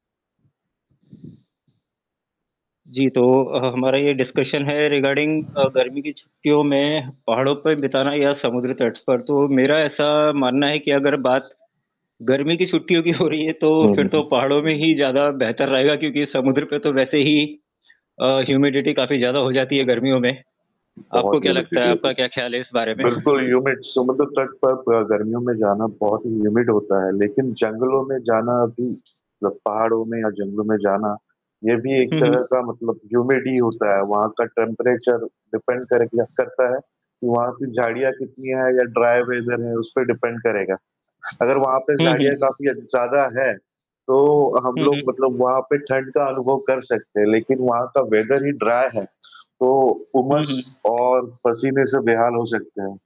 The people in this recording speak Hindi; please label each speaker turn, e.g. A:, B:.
A: जी, तो अ, ह हमारा ये डिस्कशन है रिगार्डिंग अ, गर्मी की छुट्टियों में पहाड़ों पे बिताना या समुद्री तट पर, तो मेरा ऐसा मानना है कि अगर बात गर्मी की छुट्टियों की हो रही है तो
B: हुँ,
A: फिर
B: हुँ,
A: तो
B: हुँ।
A: पहाड़ों में ही ज़्यादा बेहतर रहेगा, क्योंकि समुद्र पे तो वैसे ही अ, ह्यूमिडिटी काफ़ी ज़्यादा हो जाती है गर्मियों में। आपको
B: बहुत
A: क्या लगता है?
B: ह्यूमिडिटी
A: आपका
B: होगी,
A: क्या ख़याल है इस बारे में?
B: बिल्कुल ह्यूमिड समुद्र तट पर अ, गर्मियों में जाना बहुत ही ह्यूमिड होता है, लेकिन जंगलों में जाना भी जब पहाड़ों में या जंगलों में जाना, ये भी एक
A: हुँ,
B: तरह
A: हुँ।
B: का मतलब ह्यूमिड ही होता है। वहाँ का टेंपरेचर डिपेंड कर किया करता है कि, वहाँ पे झाड़ियाँ कितनी है या ड्राई वेदर है उसपे डिपेंड करेगा। अगर वहाँ पे
A: हुँ, हुँ,
B: झाड़ियाँ
A: हुँ।
B: काफ़ी ज़्यादा हैं, तो हम
A: हुँ,
B: लोग
A: हुँ।
B: मतलब वहाँ पे ठंड का अनुभव कर सकते हैं, लेकिन वहाँ का वेदर ही ड्राई है तो
A: हुँ, हुँ,
B: उमस
A: हुँ।
B: और पसीने से बेहाल हो सकते हैं।